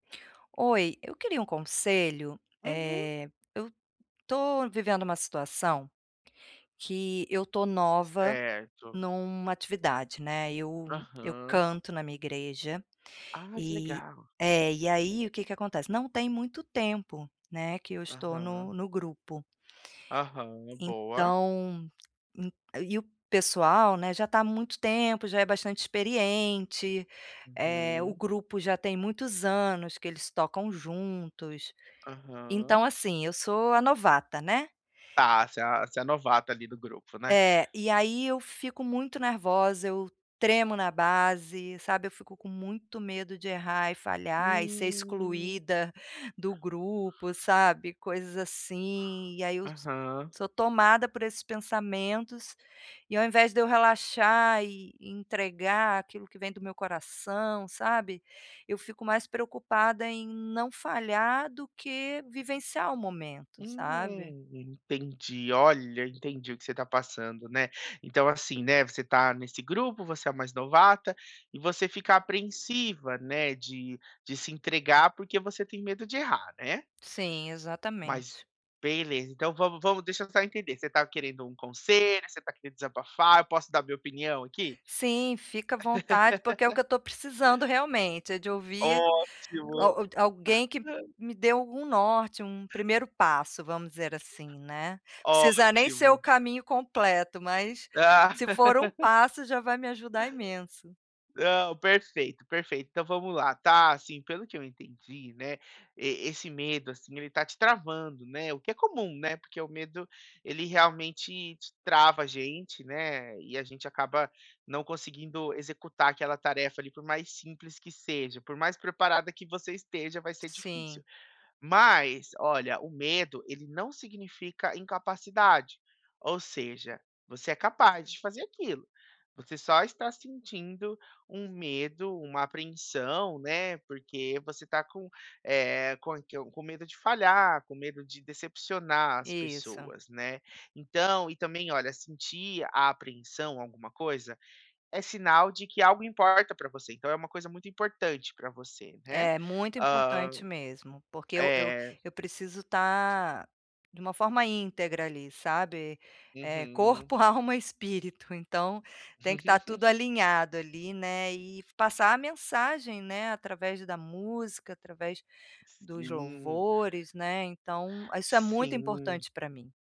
Oi, eu queria um conselho, Uhum. eh, eu estou vivendo uma situação, que eu estou nova Certo. numa atividade, né, eu eu Aham. canto na minha igreja, Ah que e legal. é, e aí o que que acontece, não tem muito tempo né, que eu estou Aham. no no grupo... Aham, boa. então, en e o pessoal né já está há muito tempo, já é bastante experiente, eh, o Uhum. grupo já tem muitos anos que eles tocam juntos. Aham. Então, assim, eu sou a novata, né? Tá, você você é novato ali do grupo, né? É, e aí eu fico muito nervosa, eu tremo na base, sabe, eu fico com muito medo de errar, e falhar, e ser Hum. excluída do grupo, sabe, coisas assim, e aí eu so Aham. sou tomada por esses pensamentos. E ao invés de eu relaxar e entregar aquilo que vem do meu coração, sabe? Eu fico mais preocupada em não falhar do que vivenciar o momento, sabe? Hum, entendi, olha entendi o que você está passando, né, então assim, né, você está nesse grupo. Você é o mais novata e você fica apreensiva, né, de de se entregar porque você tem medo de errar, né? Sim, Mas exatamente. beleza então vamos vamos deixa eu só entender. Você está querendo um conselho, você está querendo desabafar, eu posso dar minha opinião aqui? Sim, fica à vontade porque é o que eu estou precisando realmente, é de ouvir Ótimo. al alguém que me dê algum norte, um primeiro passo, vamos dizer assim, né, precisa nem ser o Ótimo. caminho completo, mas se for um passo já vai me ajudar imenso. Não, perfeito, perfeito. Então vamos lá, tá? Assim, pelo que eu entendi, né, esse medo assim, ele está te travando, né, o que é comum, né, porque o medo, ele realmente te trava a gente, né, e a gente acaba não conseguindo executar aquela tarefa ali. Por mais simples que seja, por mais preparada que você esteja, vai ser difícil. Sim. Mas olha, o medo ele não significa incapacidade, ou seja, você é capaz de fazer aquilo, você só está sentindo um medo, uma apreensão, né, porque você tá com, eh, com é que é com medo de falhar, com medo de decepcionar as Isso. pessoas, né. Então, e também olha, sentir a apreensão, alguma coisa, é sinal de que algo importa pra você, então é uma coisa muito importante pra você ne É muito ham, importante mesmo, porque eu eu eh. eu preciso estar de uma forma íntegra ali, sabe? Eh, Uhum. corpo, alma, espírito, então tem que estar tudo alinhado ali, né, e passar a mensagem né através da música, através dos Sim. louvores, né, então isso é muito Sim. importante pra mim.